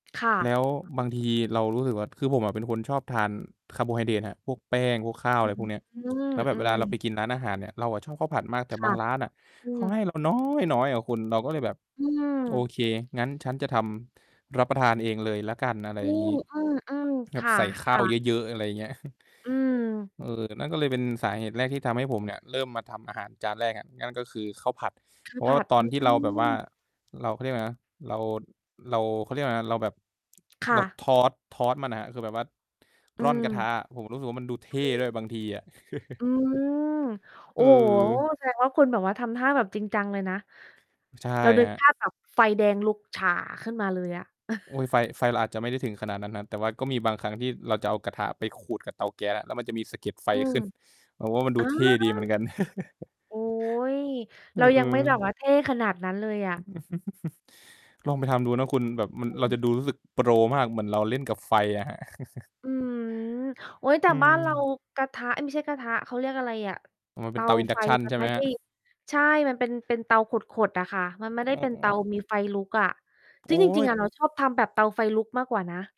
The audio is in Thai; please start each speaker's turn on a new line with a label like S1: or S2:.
S1: ค่
S2: แล
S1: ะ
S2: ้วบางทีเรารู้สึกว่า คือผมอะเป็นคนชอบทานคาร์โบไฮเดรตครับ พวกแป้ง พวกข้าว อ
S1: อ
S2: ะ
S1: ื
S2: ไรพว
S1: อ
S2: กเนี้ย แล้วแบ
S1: อื
S2: บเวลา
S1: ม
S2: เราไ
S1: ๆ
S2: ปกินร้านอาหารเนี่ย เราอะชอบข้าวผัดมาก แต่
S1: ค
S2: บ
S1: ่
S2: า
S1: ะ
S2: งร้านน่ะ
S1: อื
S2: เขาให
S1: อ
S2: ้เราน๊อยน้อยอะคุณ เราก็เลยแบบ
S1: อื
S2: โอ
S1: ม
S2: เค งั้นฉันจะทำรับประทานเองเลยแล้วกัน อะไร
S1: อื
S2: อย่าง
S1: ม
S2: งี้
S1: เออ
S2: แบ
S1: ๆ ค
S2: บใส่ข้า
S1: ่
S2: ว
S1: ะ
S2: เ
S1: ๆ
S2: ยอะ ๆ อะไรอย่างเงี้ย
S1: อืม
S2: เออ แต่นั่นก็เลยเป็นสาเหตุแรกที่ทำให้ผมเนี่ย เริ่มมาทำอาหารจานแรกอะ นั่นก็คือข้าวผัด
S1: คื
S2: เพ
S1: อ
S2: ราะ
S1: ผ
S2: ว่า
S1: ัด
S2: ต
S1: ไ
S2: อ
S1: ป
S2: นท
S1: ท
S2: ี่
S1: ี
S2: เ
S1: ่
S2: ราแบ
S1: น
S2: บ
S1: ู
S2: ว
S1: ่
S2: ่า
S1: น
S2: เรา เขาเรียกอะไรนะ เรา เรา เขาเรียกอะไรนะ เราแบบ
S1: ค
S2: เ
S1: ่
S2: รา
S1: ะ
S2: Toss Toss มันอะครับ คือแบบว่า
S1: อื
S2: ร่อนกระท
S1: ม
S2: ะอะ ผมรู้สึกว่ามันดูเท
S1: อ
S2: ่
S1: ื
S2: ด้วย
S1: ม
S2: บางทีอะ
S1: อืม โอ้โฮ
S2: เออ
S1: แสดงว่า คุณแบบว่าทำท่าแบบจริงจังเลยนะ
S2: ใช่
S1: เราน
S2: ค
S1: ึก
S2: รั
S1: ภ
S2: บ
S1: าพ แบบ ไฟแดงลุกฉ่าขึ้นมาเลยอะ
S2: อุ๊ย ไฟ ไฟเราอาจจะไม่ได้ถึงขนาดนั้นนะ แต่ว่าก็มีบางครั้งที่เราจะเอากระทะไปขูดกับเตาแก๊สอะ แล้วมันจะมีสะเก็ดไฟ
S1: อืม
S2: ขึ้น แบบว่ามัน
S1: อ
S2: ด
S1: ๋
S2: ู
S1: อ
S2: เท่ดีเหมือนกัน
S1: โอ๊ย
S2: อ
S1: เ
S2: ื
S1: รายังไม
S2: อ
S1: ่ [unintelligible] แล้
S2: ๆ
S1: วเท่ขนาดนั้นเลยอะ
S2: ลองไปทำดูนะคุณ แบบมัน
S1: อ
S2: เรา
S1: ืม
S2: จะดูรู้สึกโปรมาก เหมือนเราเล่นกับไฟอะครับ
S1: อืม โอ๊ย แต
S2: อ
S1: ่
S2: ื
S1: บ้านเรา
S2: ม
S1: กระทะ เอ๊ย ไม่ใช่กระทะ เขาเรียกอะไรอะ
S2: อ๋อ มัน
S1: เ
S2: เ
S1: ต
S2: ป็น
S1: า
S2: เตา
S1: ไฟ
S2: Induction
S1: มั
S2: ใช
S1: น
S2: ่ไ
S1: ไ
S2: ห
S1: ม
S2: ม
S1: ่ไ
S2: ค
S1: ด
S2: รั
S1: ้
S2: บ?
S1: ใช่ มัน เป็น เป็นเตาขด ๆ อะค่ะ มันไม่ไ
S2: อ
S1: ด้
S2: ๋
S1: เป็นเตา
S2: อ
S1: มีไฟลุกอะ
S2: โ
S1: ซ
S2: อ
S1: ึ่
S2: ๊
S1: งจริง
S2: ย
S1: ๆ อะเราชอบทำแบบเตาไฟลุกมากกว่านะ